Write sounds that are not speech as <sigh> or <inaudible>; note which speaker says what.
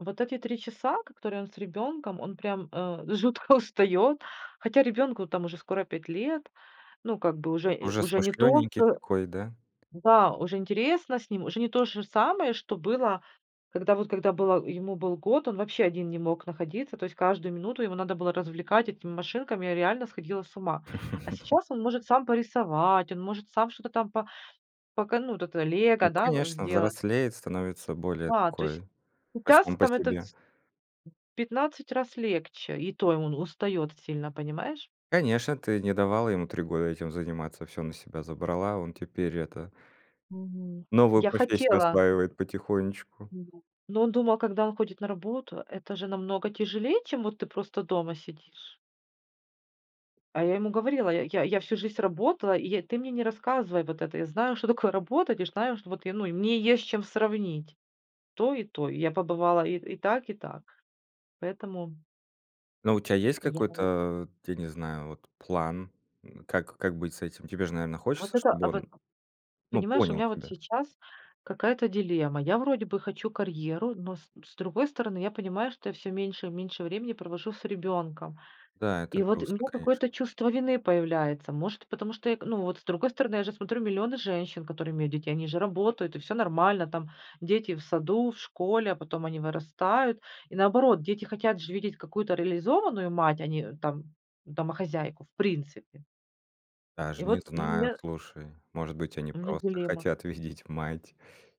Speaker 1: Вот эти 3 часа, ко которые он с ребенком, он прям, э, жутко устает. Хотя ребенку там уже скоро 5 лет. Ну, как бы уже и
Speaker 2: Уже
Speaker 1: уже не то
Speaker 2: смышлененький
Speaker 1: э
Speaker 2: такой, да?
Speaker 1: да, уже интересно с ним, уже не то же самое, что было, когда вот, когда было ему, был год, он вообще один не мог находиться. То есть каждую минуту его надо было развлекать этими машинками, я реально сходила с ума. А
Speaker 2: <chuckles>
Speaker 1: сейчас он может сам порисовать, он может сам что-то там по пока ну, вот это лего,
Speaker 2: Ну
Speaker 1: да, у
Speaker 2: конечно,
Speaker 1: сделать.
Speaker 2: взрослеет, становится более
Speaker 1: Да, то есть,
Speaker 2: такой, а,
Speaker 1: сейчас
Speaker 2: сам по
Speaker 1: там это
Speaker 2: себе.
Speaker 1: ц В 15 раз легче, и то и он устает сильно, понимаешь?
Speaker 2: Конечно, ты не давала ему 3 года этим заниматься, всё на себя забрала. Он теперь это
Speaker 1: Мгм.
Speaker 2: новую
Speaker 1: Я
Speaker 2: профессию
Speaker 1: хотела
Speaker 2: осваивает потихонечку.
Speaker 1: Нет, но он думал, когда он ходит на работу, это же намного тяжелее, чем вот ты просто дома сидишь. А я ему говорила: "Я я я всю жизнь работала, и я ты мне не рассказывай вот это, я знаю, что такое работать, и знаю, что вот я, ну, и мне есть с чем сравнить". То и то. Я побывала и и так, и так. Поэтому
Speaker 2: Ну, у тя есть
Speaker 1: И я
Speaker 2: какой-то,
Speaker 1: ему
Speaker 2: э, вот я не знаю, вот план? Н как как быть с этим? Тебе ж, наверно,
Speaker 1: Вот
Speaker 2: хочется,
Speaker 1: это,
Speaker 2: чтобы
Speaker 1: а вот
Speaker 2: он, ну,
Speaker 1: понимаешь, у
Speaker 2: понял
Speaker 1: меня вот
Speaker 2: тебя?
Speaker 1: сейчас какая-то дилемма. Я вроде бы хочу карьеру, но с с другой стороны, я понимаю, что я всё меньше и меньше времени провожу с ребенком.
Speaker 2: Да, это
Speaker 1: И вот у
Speaker 2: грустно,
Speaker 1: меня
Speaker 2: конечно.
Speaker 1: какое-то чувство вины появляется. Может, потому что эк ну, вот с другой стороны, я же смотрю: миллионы женщин, которые имеют детей, они же работают, и всё нормально там- дети в саду, в школе, а потом они вырастают. И наоборот, дети хотят же видеть какую-то реализованную мать, а не, э, там домохозяйку в принципе. И
Speaker 2: Даже не
Speaker 1: вот, ну,
Speaker 2: знаю,
Speaker 1: меня
Speaker 2: слушай. Может быть, они
Speaker 1: У меня
Speaker 2: просто
Speaker 1: дилемма.
Speaker 2: хотят видеть мать?